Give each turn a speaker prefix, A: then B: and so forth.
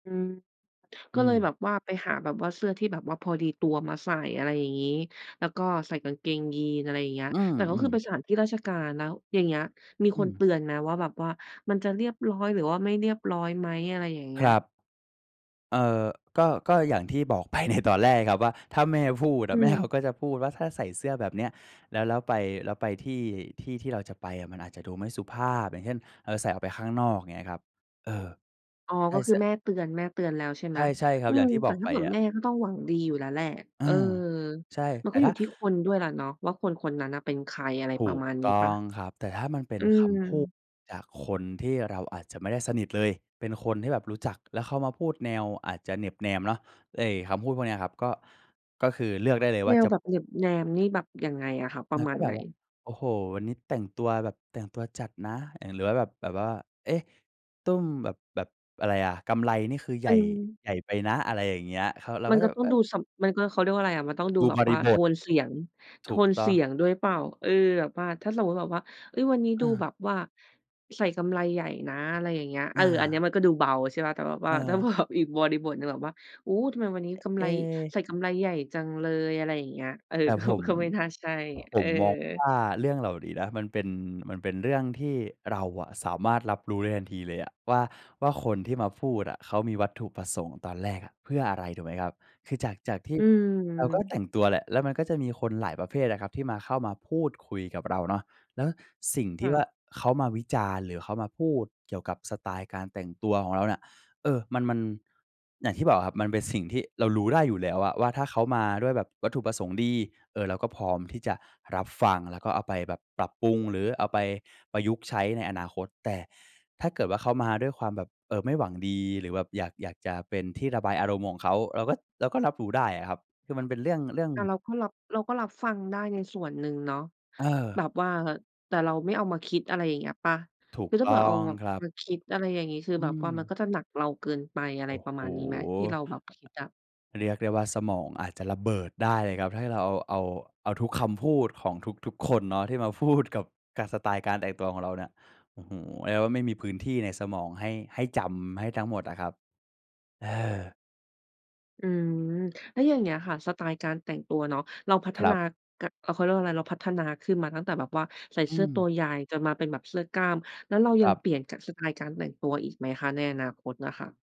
A: อืม ก
B: อื
A: ็เลยแบ
B: ม
A: บว่าไปหาแบบว่าเสื้อที่แบบว่าพอดีตัวมาใส่ อะไรอย่างงี้ แล้วก็ใส่กางเกงยีน อะไรอย่างเงี้ย
B: อื
A: แต่ก็คือ
B: ม
A: ไป
B: ๆ
A: สถานที่ราชการ แล้วอย่างนี้มี
B: อ
A: ค
B: ื
A: นเต
B: ม
A: ือนไหมว่าแบบว่ามันจะเรียบร้อย หรือว่าไม่เรียบร้อยไหม อะไรอย่างเงี
B: ค
A: ้
B: ร
A: ย?
B: ับ เอ่อ ก็ ก็อย่างที่บอก ไป ในตอนแรกครับ ว่า ถ้าแม่พูดอ
A: อื
B: ะแม่เขา
A: ม
B: ก็จะพูดว่าถ้าใส่เสื้อแบบเนี้ย แล้ว แล้วไป แล้วไปที่ ที่ที่เราจะไปอะ มันอาจจะดูไม่สุภาพ อย่างเช่น เอ่อ ใส่ออกไปข้างนอกเงี้ยครับ เออ
A: อ๋อ
B: ใช่
A: ก็ค
B: เส
A: ือ
B: ื้อ
A: แม่เตือน แม่เตือนแล้ว ใช่ไ
B: ใ
A: หม
B: ช่ ๆ ครั
A: อื
B: บ อย่า
A: ม
B: งที่
A: แ
B: บ
A: ต่
B: อก
A: ถ
B: ไ
A: ้
B: ป
A: าแบบ
B: อะ
A: แม่ก็ต้องหวังดีอยู่แล้วแหละ
B: เออ
A: เออ
B: ใช่
A: มั
B: แ
A: น
B: ต
A: ก
B: ่
A: ็อ
B: ถ
A: ยู
B: ้า
A: ่ที่คนด้วยแหละเนาะว่า คนคนนั้นน่ะเป็นใคร อะไร
B: ถ
A: ปร
B: ู
A: ะ
B: ก
A: มาณนี้
B: ต้
A: เปล
B: อ
A: ่า?
B: งครับ แต่ถ้ามันเป็
A: อ
B: น
A: ื
B: คำพูด
A: ม
B: จากคนที่เราอาจจะไม่ได้สนิทเลย เป็นคนที่แบบรู้จัก แล้วเข้ามาพูดแนวอาจจะเหน็บแนมเนาะ ไอ้คำพูดพวกเนี้ยครับ ก็ ก็คือเลือกได้เลยว
A: แ
B: ่
A: น
B: า
A: ว
B: จะ
A: แบบเหน็บแนมนี่แบบยังไงอะคะ ป
B: เอ
A: ร
B: อ
A: ะม
B: ก
A: า
B: ็
A: ณ
B: แบ
A: ไหน?
B: บว่า โอ้โฮ วันนี้แต่งตัวแบบแต่งตัวจัดนะ อ่า หรือว่าแบบ แบบว่า เอ๊ะ ตุ้มแบบ แบบอะไรอะ กำไลนี่คือให
A: ม
B: ญ
A: ั
B: ่
A: น
B: ใหญ่ไปนะ อะไรอย่างเงี้ยครับ เรา
A: ม
B: ก
A: ั
B: ็
A: น
B: จ
A: ก
B: ะ
A: ็
B: แบ
A: ต
B: บ
A: ้อ
B: เ
A: ง
B: อ๊
A: ด
B: ย
A: ูสำ มันก็ เขาเรียกว่าอะไรอะ มันต้องดู
B: ดู
A: แบ
B: บ
A: บ
B: ร
A: ว่
B: ิ
A: า
B: บ
A: โท
B: ท
A: นเสียง โ
B: ถ
A: ท
B: ูก
A: น
B: ต
A: เ
B: ้
A: ส
B: อ
A: ี
B: ง
A: ยงด้วยเปล่า เออ แบบว่า ถ้าสมมุติแบบว่า เฮ้ย วันนี้
B: อ
A: ดู
B: า
A: แบบว่าใส่กำไลใหญ่นะ อะไรอย่างเงี้ย เ
B: อ
A: ออ อันเนี้ย
B: า
A: มันก็ดูเบาใช่เปล่า แต่แบบ
B: เ
A: ว่าถ้า
B: ออ
A: แบบ อีกบริบทหนึ่งแบบว่า โอ้โฮ ทำไมวันนี้กำ
B: เ
A: ไ
B: อ
A: ล
B: ๊ะ
A: ใส่กำไลใหญ่จังเลย อะไรอย่างเงี้ย เออ
B: แต่
A: ก็
B: ผม
A: ก็ไม่น่าใช่
B: ผ
A: เออ
B: มมองว่า เรื่องเหล่านี้นะ มันเป็น มันเป็นเรื่องที่เราอะสามารถรับรู้ได้ทันทีเลยอะว่า ว่า คนที่มาพูดอะเขามีวัตถุประสงค์ตอนแรกอะเพื่ออะไร ถูกไหมครับ คือจาก จากที่
A: อื
B: เราก็แ
A: ม
B: ต่งตัวแหละ แล้วมันก็จะมีคนหลายประเภทอะครับ ที่มา เข้ามาพูดคุยกับเราเนาะ แล้วสิ่ง
A: ค
B: ที
A: ่
B: ่ว่
A: ะ
B: า เขามาวิจารณ์ หรือเขามาพูดเกี่ยวกับสไตล์การแต่งตัวของเราเนี่ย เออ มัน มัน อย่างที่บอกอะครับ มันเป็นสิ่งที่เรารู้ได้อยู่แล้วอะว่า ถ้าเขามาด้วยแบบวัตถุประสงค์ดี เอ่อ เราก็พร้อมที่จะรับฟัง แล้วก็เอาไปแบบปรับปรุง หรือเอาไปประยุกต์ใช้ในอนาคต แต่ถ้าเกิดว่า เขามาด้วยความแบบ เอ่อ ไม่หวังดี หรือแบบอยาก อยากจะเป็นที่ระบายอารมณ์ของเขา เราก็ เราก็รับรู้ได้อะครับ คือมันเป็นเรื่อง เรื่อง
A: แต่เราก็รับ เราก็รับฟังได้ในส่วนหนึ่งเนาะ
B: เ
A: แบ
B: ออ
A: บว่า แต่เราไม่เอามาคิด อะไรอย่างเงี้ยเปล่า?
B: ถู
A: ค
B: ก
A: ือถ้า
B: ต
A: เ
B: ้
A: ผื่อ
B: อ
A: เอา
B: ง
A: แบบ
B: ครับ
A: มาคิด อะไรอย่างงี้ คือ
B: อื
A: แบบว่ามันก
B: ม
A: ็จะหนักเราเกินไป อะไร
B: โอ้
A: ป
B: โ
A: ระ
B: ฮ
A: มาณนี้ไหม ที่เราแบบ คิดอะ?
B: เรียกได้ว่า สมองอาจจะระเบิดได้เลยครับ ถ้าให้เราเอา เอาทุกคำพูดของทุก ๆ คนเนาะ ที่มาพูดกับสไตล์การแต่งตัวของเราเนี่ย โอ้โฮ เรียกว่าไม่มีพื้นที่ในสมองให้ ให้จำ ให้ทั้งหมดอะครับ เออ
A: อืม แล้วอย่างเงี้ยค่ะ สไตล์การแต่งตัวเนาะ เราพัฒ
B: ครั
A: นา
B: บ
A: ก เขาเรียกว่าอะไร เราพัฒนาขึ้นมาตั้งแต่แบบว่าใส่
B: อ
A: เ
B: ื
A: สื้อต
B: ม
A: ัวใหญ่ จนมาเป็นแบบเสื้อกล้าม แล้วเราย
B: ค
A: ั
B: ร
A: ง
B: ั
A: เ
B: บ
A: ปลี่ยน ก สไตล์การแต่งตัวอีกไหมคะ ในอนาคตน่ะค่ะ?